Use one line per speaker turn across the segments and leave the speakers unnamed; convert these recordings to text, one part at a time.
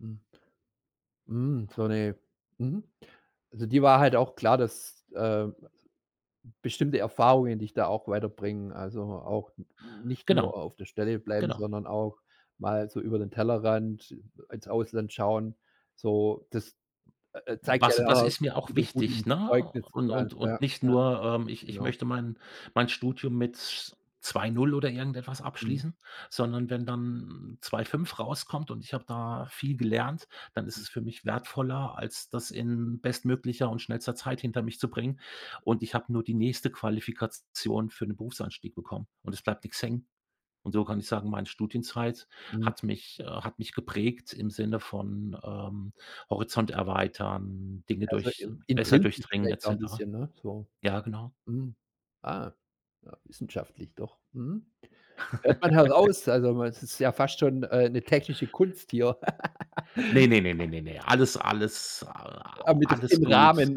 Mhm. Hm, so 'ne mhm, also, dir war halt auch klar, dass, ähm, bestimmte Erfahrungen, dich da auch weiterbringen, also, auch n nicht nur
Genau,
auf der Stelle bleiben,
genau.
sondern auch mal so über den Tellerrand ins Ausland schauen, so, das, äh, zeigt ja
Was
dann
das
[unintelligible]
ist mir auch
wieder gut
wichtig,
im
ne? Und
Zeugnisplan,
und
ja, ja.
und nicht nur, ähm, ich ich
Genau.
möchte mein mein Studium mit 2,0 oder irgendetwas
Mhm.
abschließen, sondern wenn dann 2,5 rauskommt und ich habe da viel gelernt, dann ist
Hm.
es für mich wertvoller, als das in bestmöglicher und schnellster Zeit hinter mich zu bringen, und ich habe nur die nächste Qualifikation für 'n Berufsanstieg bekommen und es bleibt nix hängen. Und so kann ich sagen: „Mein Studienzeit
Mhm.
hat mich, äh hat mich geprägt im Sinne von, ähm, Horizont erweitern, Dinge
Also,
durch
in
besser
intrinsisch
durchdringen“ et
vielleicht auch 'n
cetera.
bisschen, ne, so.
Ja, genau.
Mhm. Ah, ja, wissenschaftlich doch. Mhm. Hört man heraus, also, man es ist ja fast schon, äh, 'ne technische Kunst hier.
Ne, ne, ne, ne, ne, ne. Alles alles a
Äh,
a
mit
alles
im
gut,
Rahmen.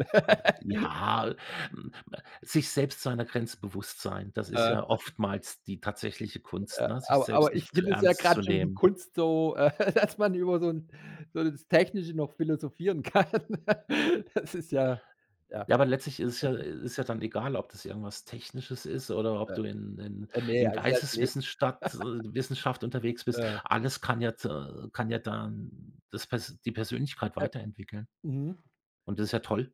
ja, m äh, sich selbst seiner Grenze bewusst sein, das ist
Äh.
ja oftmals die tatsächliche Kunst,
Äh,
ne, sich
aber
selbst
aber, ich
nicht zu
finde es ja
ernst
grade
zu
schon die
nehmen.
Kunst so, äh, dass man über so 'n so das Technische noch philosophieren kann. Das ist ja ja.
Ja, aber letztlich ist es ja, äh ist ja dann egal, ob das irgendwas Technisches ist oder
Bä
ob du in in
äh, ne,
in
also, das le
Geisteswissenstadt äh, Wissenschaft unterwegs bist.
Äh
Alles kann ja t äh, kann ja dann das pers die Persönlichkeit
Äh
weiterentwickeln.
mhm.
Und das ja toll.